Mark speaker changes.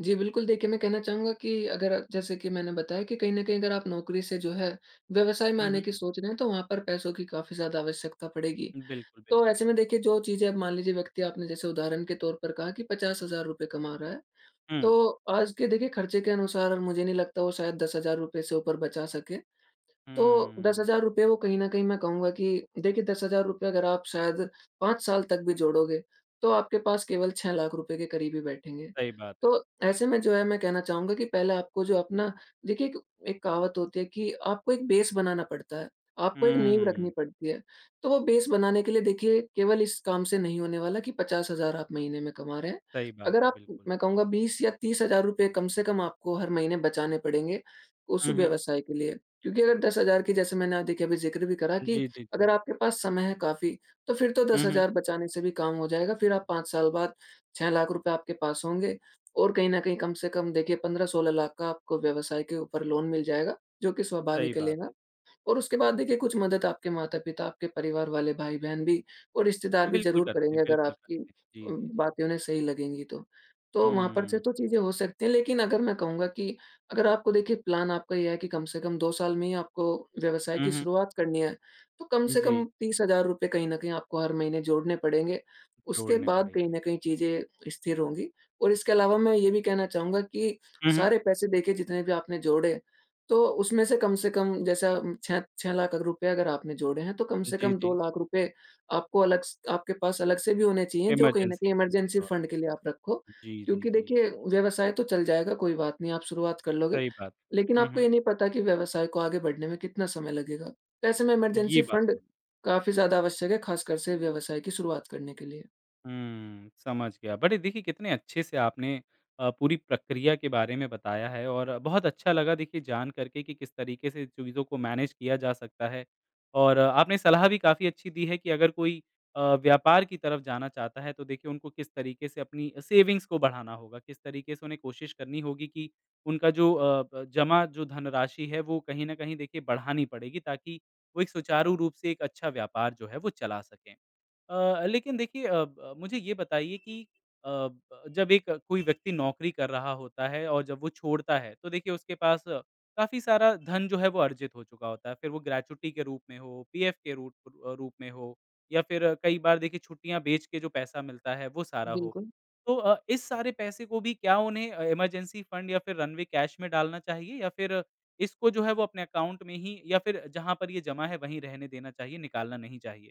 Speaker 1: जी बिल्कुल, देखिए मैं कहना चाहूँगा कि अगर जैसे कि मैंने बताया कि कहीं न कहीं अगर आप नौकरी से जो है व्यवसाय में
Speaker 2: हुँ,
Speaker 1: आने
Speaker 2: हुँ।
Speaker 1: की सोच रहे हैं तो वहाँ पर पैसों की काफ़ी ज़्यादा आवश्यकता पड़ेगी।
Speaker 2: बिल्कुल,
Speaker 1: तो
Speaker 2: बिल्कुल।
Speaker 1: ऐसे में देखिए जो चीज़ें आप मान लीजिए व्यक्ति आपने जैसे उदाहरण के तौर पर कहा कि ₹50,000 कमा रहा है।
Speaker 2: हुँ।
Speaker 1: तो आज के देखिए खर्चे के अनुसार और मुझे नहीं लगता वो शायद ₹10,000 से ऊपर बचा सके। तो दस
Speaker 2: हम्म।
Speaker 1: हज़ार रूपए वो कहीं न कहीं मैं कहूँगा कि देखिए ₹10,000 अगर आप शायद 5 साल तक भी जोड़ोगे, तो आपके पास केवल ₹6,00,000 के करीब ही बैठेंगे।
Speaker 2: सही बात है।
Speaker 1: तो ऐसे में जो है मैं कहना चाहूँगा कि पहले आपको जो अपना देखिए एक एक कहावत होती है कि आपको एक बेस बनाना पडता है, आपको एक नींव रखनी
Speaker 2: हम्म।
Speaker 1: पडती है। तो वो बेस बनाने के लिए देखिए केवल इस काम से नहीं होने वाला कि 50,000 आप महीने में कमा रहे हैं।
Speaker 2: सही बात
Speaker 1: अगर
Speaker 2: है,
Speaker 1: आप,
Speaker 2: बिल्कुल।
Speaker 1: मैं कहूँगा बीस या ₹30,000 कम से कम आपको हर महीने बचाने पड़ेंगे उस
Speaker 2: हुँ, हुँ।
Speaker 1: व्यवसाय के लिए। क्योंकि अगर 10,000 की जैसे मैंने देखिए अभी ज़िक्र भी करा कि
Speaker 2: जी, जी,
Speaker 1: अगर
Speaker 2: जी।
Speaker 1: आपके पास समय है काफ़ी, तो फिर तो दस
Speaker 2: हुँ, हुँ।
Speaker 1: हज़ार बचाने से भी काम हो जाएगा। फिर आप 5 साल बाद ₹6,00,000 आपके पास होंगे और कहीं न कहीं कम से कम देखिए 15-16 लाख का आपको व्यवसाय के ऊपर लोन मिल जाएगा, जो कि
Speaker 2: सही
Speaker 1: स्वाभाविक है
Speaker 2: बात
Speaker 1: लेना।
Speaker 2: है।
Speaker 1: और उसके बाद देखिए कुछ मदद आपके माता पिता आपके परिवार वाले भाई-बहन भी, और रिश्तेदार
Speaker 2: हाँ,
Speaker 1: भी
Speaker 2: बिल्कुल
Speaker 1: ज़रूर
Speaker 2: करते
Speaker 1: करेंगे
Speaker 2: हैं,
Speaker 1: अगर
Speaker 2: बिल्कुल
Speaker 1: आपकी
Speaker 2: करते हैं। जी,
Speaker 1: उम,
Speaker 2: जी, जी।
Speaker 1: बातें उन्हें सही लगेंगी तो। तो वहाँ पर से
Speaker 2: हम्म।
Speaker 1: तो चीज़ें हो सकती हैं। लेकिन अगर मैं कहूँगा कि अगर आपको देखिए प्लान आपका ये है कि कम से कम 2 साल में ही आपको व्यवसाय
Speaker 2: हुँ,
Speaker 1: की
Speaker 2: हुँ।
Speaker 1: शुरुआत करनी है, तो कम से कम
Speaker 2: जी।
Speaker 1: ₹30,000 कहीं न कहीं आपको हर महीने जोड़ने पडेंगे, उसके
Speaker 2: जोड़ने
Speaker 1: बाद कहीं
Speaker 2: पड़ेंगे।
Speaker 1: न कहीं चीज़ें स्थिर होंगी। और इसके अलावा मैं ये भी कहना चाहूँगा कि
Speaker 2: हुँ, हुँ।
Speaker 1: सारे पैसे देखिए जितने भी आपने जोड़े तो उसमें से कम से कम जैसे 6- ₹6,00,000 अगर आपने जोड़े हैं तो कम से
Speaker 2: जी,
Speaker 1: कम दो
Speaker 2: जी।
Speaker 1: लाख रूपए आपको अलग स आपके पास अलग से भी होने चाहिए जो कहीं न
Speaker 2: इमरजेंसी
Speaker 1: कहीं
Speaker 2: फंड के
Speaker 1: इमरजेंसी
Speaker 2: तौर
Speaker 1: फंड के लिए आप रखो
Speaker 2: पर। जी, जी,
Speaker 1: क्योंकि
Speaker 2: जी।
Speaker 1: देखिए व्यवसाय तो चल जाएगा कोई बात नहीं आप शुरुआत कर लोगे।
Speaker 2: सही बात
Speaker 1: लेकिन
Speaker 2: है, हुँ,
Speaker 1: आपको
Speaker 2: हुँ।
Speaker 1: ये नहीं पता की व्यवसाय को आगे बढ़ने में कितना समय लगेगा? तो ऐसे में इमरजेंसी
Speaker 2: ये बात
Speaker 1: फंड
Speaker 2: तो है।
Speaker 1: काफ़ी ज़्यादा आवश्यक है खासकर से व्यवसाय की शुरुआत करने के लिए।
Speaker 2: हम्म, समझ गया। बड़े देखिए कितने अच्छे से आपने अ, पूरी प्रक्रिया के बारे में बताया है और बहुत अच्छा लगा देखिए जान करके कि किस तरीके से चीज़ों को मैनेज किया जा सकता है। और आपने सलाह भी काफ़ी अच्छी दी है कि अगर कोई अ, व्यापार की तरफ जाना चाहता है तो देखिए उनको किस तरीके से अपनी सेविंग्स को बढ़ाना होगा, किस तरीके से उन्हें कोशिश करनी होगी कि उनका जो अ, ब जमा जो धनराशि है वो कहीं न कहीं देखिए बढ़ानी पड़ेगी ताकि वो एक सुचारू रूप से एक अच्छा व्यापार जो है वो चला सकें। अ, लेकिन देखिए अ, ब मुझे ये बताइए कि अ, जब एक कोई व्यक्ति नौकरी कर रहा होता है और जब वो छोड़ता है तो देखिए उसके पास काफ़ी सारा धन जो है वो अर्जित हो चुका होता है। फिर वो ग्रेच्युटी के रूप में हो, पीएफ के रूट अ, रूप में हो या फिर कई बार देखिए छुट्टियाँ बेच के जो पैसा मिलता है वो सारा हो।
Speaker 1: बिल्कुल।
Speaker 2: तो अ, इस सारे पैसे को भी क्या उन्हें अ, इमरजेंसी फंड या फिर रनवे कैश में डालना चाहिए या फिर इसको जो है वो अपने अकाउंट में ही या फिर जहाँ पर ये जमा है वहीं रहने देना चाहिए, निकालना नहीं चाहिए?